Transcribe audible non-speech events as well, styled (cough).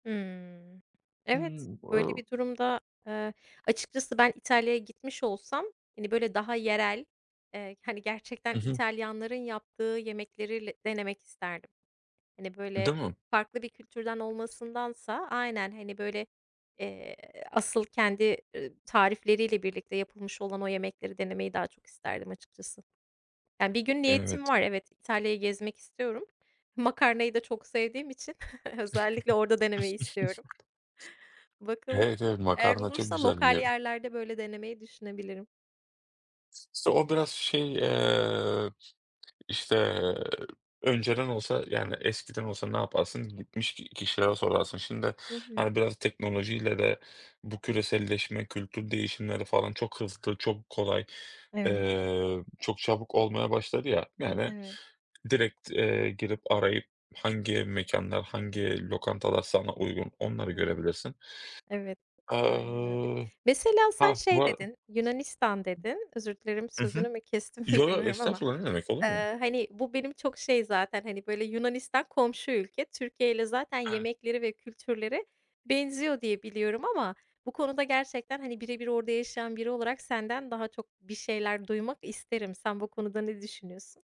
Hımm, evet. Hımm. Böyle (unintelligible) bir durumda, eee, açıkçası ben İtalya'ya gitmiş olsam, hani, böyle, daha yerel, eee, hani, gerçekten Hı hı. İtalyanların yaptığı yemekleri le denemek isterdim. Hani, böyle, Değil mi? farklı bir kültürden olmasındansa Aynen. Hani, böyle, eee, asıl kendi, eee, tarifleriyle birlikte yapılmış olan o yemekleri denemeyi daha çok isterdim açıkçası. Ya, bir gün niyetim Evet. var. Evet, İtalya'yı gezmek istiyorum. Makarnayı da çok sevdiğim için (chuckles) özellikle orada denemeyi istiyorum. (chuckles) Bakalım. Evet, evet, Eğer makarna çok olursa güzel lokal biliyorum. yerlerde böyle denemeyi düşünebilirim. İşte o biraz şey, eee, işte, önceden olsa yani eskiden olsa ne yaparsın? Gitmiş ki kişilere sorarsın. Şimdi, Hı hı. hani, biraz teknolojiyle de bu küreselleşme, kültür değişimleri falan çok hızlı, çok kolay. Evet. Eee, çok çabuk olmaya başladı ya, yani, ben Evet. direkt, eee, girip arayıp hangi mekânlar, hangi lokantalar sana uygun onları Hı hı. görebilirsin. Evet. Aynen öyle. Aaa, Mesela sen ha, bu şey ara dedin, "Yunanistan" dedin. Özür dilerim, I hı. sözünü mü kestim, Yo, yo, bilmiyorum ama, estağfurullah, ne demek, olur mu? eee, hani, bu benim çok şey zaten, hani, böyle, Yunanistan komşu ülke. Türkiye'yle zaten Evet. yemekleri ve kültürleri benziyor diye biliyorum ama bu konuda gerçekten, hani, bire bir orada yaşayan biri olarak senden daha çok bir şeyler duymak isterim. Sen bu konuda ne düşünüyorsun?